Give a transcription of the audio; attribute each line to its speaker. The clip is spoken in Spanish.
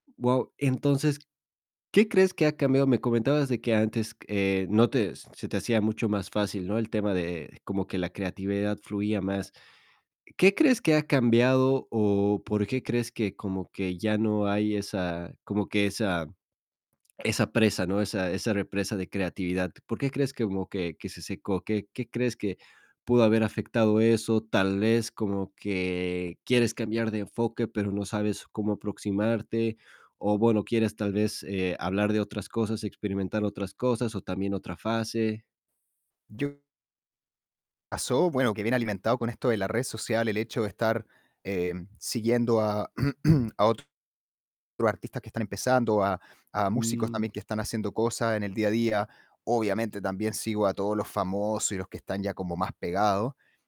Speaker 1: Guau. Entonces, ¿qué crees que ha cambiado? Me comentabas, de que antes, eh, no te se te hacía mucho más fácil, ¿no? El tema de como que la creatividad fluía más. ¿Qué crees que ha cambiado, o por qué crees, que como que ya no hay esa como que esa esa presa, ¿no? Esa esa represa de creatividad. ¿Por qué crees, que como que que se secó? ¿Qué qué crees, que pudo haber afectado eso? Tal vez, como que quieres cambiar de enfoque, pero no sabes cómo aproximarte, o bueno, quieres tal vez, eh, hablar de otras cosas, experimentar otras cosas, o también, otra fase.
Speaker 2: Yo pasó, bueno, que viene alimentado con esto, de la red social, el hecho de estar, eh, siguiendo a a otros artistas que están empezando, a a músicos, también,
Speaker 1: Mm.
Speaker 2: que están haciendo cosas, en el día a día. Obviamente, también sigo a todos los famosos, y los que están ya, como más pegados.